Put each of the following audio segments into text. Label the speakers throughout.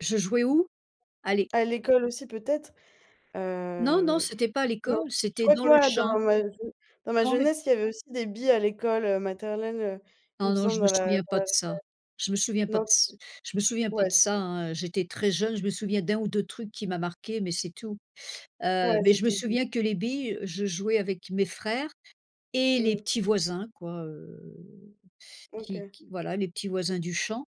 Speaker 1: Je jouais où? À l'é
Speaker 2: À l'école aussi peut-être.
Speaker 1: Non, non,
Speaker 2: Hem.
Speaker 1: c'était pas à
Speaker 2: Non.
Speaker 1: l'école,
Speaker 2: Je
Speaker 1: c'était
Speaker 2: crois que
Speaker 1: dans le
Speaker 2: moi
Speaker 1: champ.
Speaker 2: dans ma jeu dans ma
Speaker 1: Dans le
Speaker 2: jeunesse, il y avait aussi des billes à l'école, heu, maternelle, heu, il me
Speaker 1: Non, non, je
Speaker 2: semble
Speaker 1: me
Speaker 2: dans la
Speaker 1: souviens
Speaker 2: dans la
Speaker 1: pas de
Speaker 2: récréa
Speaker 1: ça. Je me souviens pas
Speaker 2: non
Speaker 1: de c je me souviens
Speaker 2: dis-moi.
Speaker 1: pas
Speaker 2: Ouais
Speaker 1: de ça
Speaker 2: c'est
Speaker 1: hein, j'étais très jeune, je me souviens d'1 ou 2 trucs qui m'a marqué mais c'est tout. Heu,
Speaker 2: Ouais
Speaker 1: mais
Speaker 2: c'est
Speaker 1: je me
Speaker 2: tout [unintelligible]
Speaker 1: souviens que les billes, je jouais avec mes frères et les
Speaker 2: Mmh.
Speaker 1: petits voisins quoi, heu, qui
Speaker 2: OK.
Speaker 1: qui voilà, les petits voisins du champ,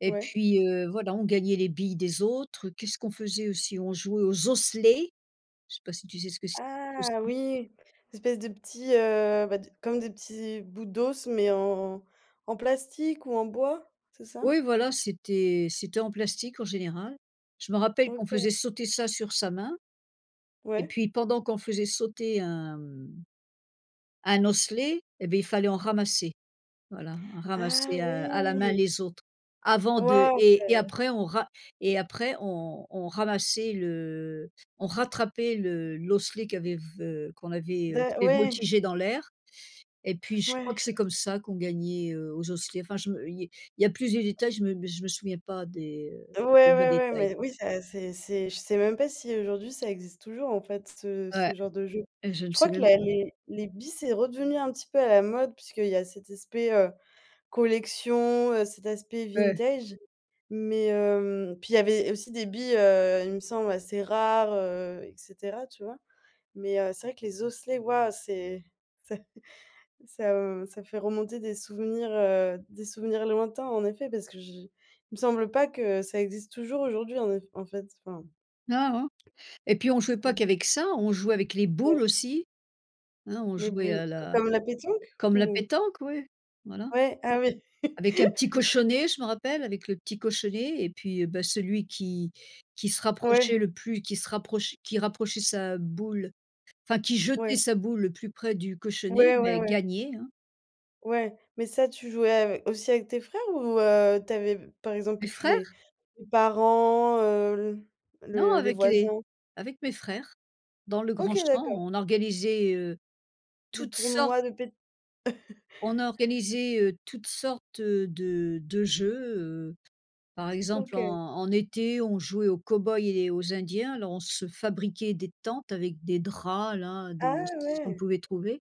Speaker 1: et
Speaker 2: Ouais.
Speaker 1: puis, heu, voilà, on gagnait les billes des autres. Qu'est-ce qu'on faisait aussi? On jouait aux osselets! Je sais pas si tu sais ce que c'est les
Speaker 2: Ah
Speaker 1: osselets?
Speaker 2: oui! Cette espèce de petit, heu, bah, d comme des petits bouts d'os, mais en en plastique ou en bois. C'est ça?
Speaker 1: Oui voilà, c'était c'était en plastique en général. Je me rappelle qu'on
Speaker 2: OK.
Speaker 1: faisait sauter ça sur sa main, et
Speaker 2: Ouais.
Speaker 1: puis pendant qu'on faisait sauter un mmh un osselet, eh, beh il fallait en ramasser. Voilà
Speaker 2: Ah
Speaker 1: ramasser à à la main
Speaker 2: oui!
Speaker 1: les autres. Avant de
Speaker 2: Ouais
Speaker 1: et
Speaker 2: c'est
Speaker 1: et après on ra et après on on ramassait le on rattrapait le l'osselet qui avait v qu'on avait, heu,
Speaker 2: D'a
Speaker 1: fait
Speaker 2: ouais.
Speaker 1: voltigé dans l'air, et puis je crois
Speaker 2: Ouais.
Speaker 1: que c'est comme ça qu'on gagnait, heu, aux osselets, enfin je me il y a il y a plus de détails, je me je me souviens pas des, heu
Speaker 2: Ouais,
Speaker 1: des
Speaker 2: ouais,
Speaker 1: vrais
Speaker 2: ouais
Speaker 1: détails.
Speaker 2: mais oui ça c'est c'est je sais même pas si aujourd'hui ça existe toujours en fait ce ce
Speaker 1: Ouais,
Speaker 2: genre de jeu.
Speaker 1: et je ne
Speaker 2: Je
Speaker 1: sais
Speaker 2: crois que
Speaker 1: même
Speaker 2: la
Speaker 1: pas.
Speaker 2: les les billes c'est redevenu un petit peu à la mode puisqu'il y a cet aspect, heu, collection, heu, cet aspect
Speaker 1: Ouais.
Speaker 2: vintage mais heu, puis il y avait aussi des billes, heu, il me semble, assez rares, heu, et cetera, tu vois? Mais heu, c'est vrai que les osselets, waouh, c'est ça ça ça fait remonter des souvenirs, heu des souvenirs lointains en effet, parce que je il me semble pas que ça existe toujours aujourd'hui en eff en fait enfin.
Speaker 1: Non, non et puis on jouait pas
Speaker 2: C'est
Speaker 1: qu'avec ça, on jouait avec les
Speaker 2: Ouais.
Speaker 1: boules aussi. Hein on
Speaker 2: Les
Speaker 1: jouait
Speaker 2: boules.
Speaker 1: à la
Speaker 2: Comme comme la pétanque?
Speaker 1: comme la
Speaker 2: Ou?
Speaker 1: pétanque, oui, voilà.
Speaker 2: Ouais? Ah oui.
Speaker 1: Avec un petit cochonnet, je m'en rappelle, avec le petit cochonnet et puis, bah, celui qui qui se rapprochait
Speaker 2: Ouais.
Speaker 1: le plus qui se rapproche qui rapprochait sa boule. Enfin, qui jetait
Speaker 2: Ouais.
Speaker 1: sa boule le plus près du cochonnet,
Speaker 2: Ouais, ouais,
Speaker 1: beh,
Speaker 2: ouais.
Speaker 1: gagnait hein?
Speaker 2: Ouais. Mais ça tu jouais ave aussi avec tes frères ou heu, tu avais b par exemple
Speaker 1: Mes
Speaker 2: peut-être les
Speaker 1: frères!
Speaker 2: les parents, heu,
Speaker 1: Non,
Speaker 2: le les
Speaker 1: avec les
Speaker 2: voisins?
Speaker 1: avec mes frères. Dans le grand
Speaker 2: OK
Speaker 1: champ,
Speaker 2: d'accord!
Speaker 1: on organisait, heu,
Speaker 2: Des
Speaker 1: toutes sortes
Speaker 2: tournois de pét?
Speaker 1: On a organisé, heu, toutes sortes, heu, de de jeux, heu, par exemple, en
Speaker 2: OK.
Speaker 1: en été, on jouait aux cow-boys et aux indiens. Alors on se fabriquait des tentes avec des draps là,
Speaker 2: Ah!
Speaker 1: des ce qu'on
Speaker 2: Ouais.
Speaker 1: pouvait trouver.